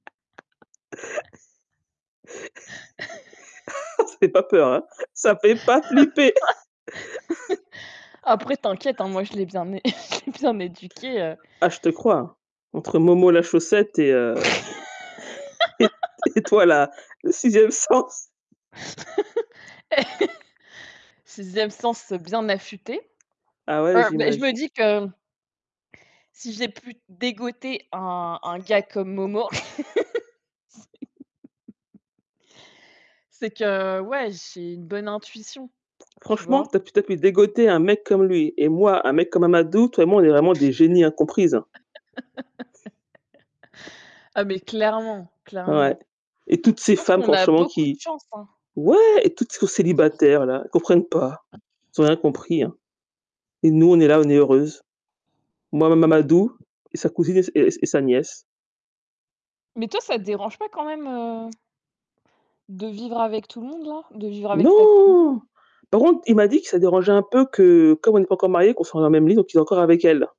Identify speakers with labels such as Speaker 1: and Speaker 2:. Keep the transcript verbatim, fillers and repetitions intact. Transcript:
Speaker 1: Ça fait pas peur, hein. Ça fait pas flipper!
Speaker 2: Après, t'inquiète, hein, moi, je l'ai bien é je l'ai bien éduqué, heu
Speaker 1: Ah je te crois, hein. Entre Momo la chaussette et heu et et toi la le sixième sens.
Speaker 2: Eh, sixième sens, heu, bien affûté.
Speaker 1: Ah ouais
Speaker 2: Heu, mais je me
Speaker 1: j'imagine.
Speaker 2: dis que si j'ai pu dégoter un un gars comme Momo c'est que, ouais, j'ai une bonne intuition. Tu
Speaker 1: Franchement,
Speaker 2: vois?
Speaker 1: que t'as pu te dégoter un mec comme lui, et moi, un mec comme Mamadou, toi et moi on est vraiment des génies incomprises, hein.
Speaker 2: Ah mais clairement,
Speaker 1: Ouais.
Speaker 2: clairement.
Speaker 1: Et toutes
Speaker 2: Je
Speaker 1: ces
Speaker 2: pense
Speaker 1: femmes
Speaker 2: qu'on a
Speaker 1: franchement
Speaker 2: beaucoup de
Speaker 1: qui
Speaker 2: chance, hein.
Speaker 1: ouais! Et toutes qui sont célibataires là, elles comprennent pas. Elles ont rien compris, hein. Et nous, on est là, on est heureuses. Moi, Ma Mamadou et sa cousine et s et et sa nièce.
Speaker 2: Mais toi, ça te dérange pas quand même, heu de vivre avec tout le monde, là? De vivre avec cette?
Speaker 1: Non.
Speaker 2: [unintelligible]
Speaker 1: Par contre, il m'a dit que ça dérangeait un peu que, comme on n'est pas encore mariés, qu'on soit dans le même lit, donc il dort encore avec elle, là.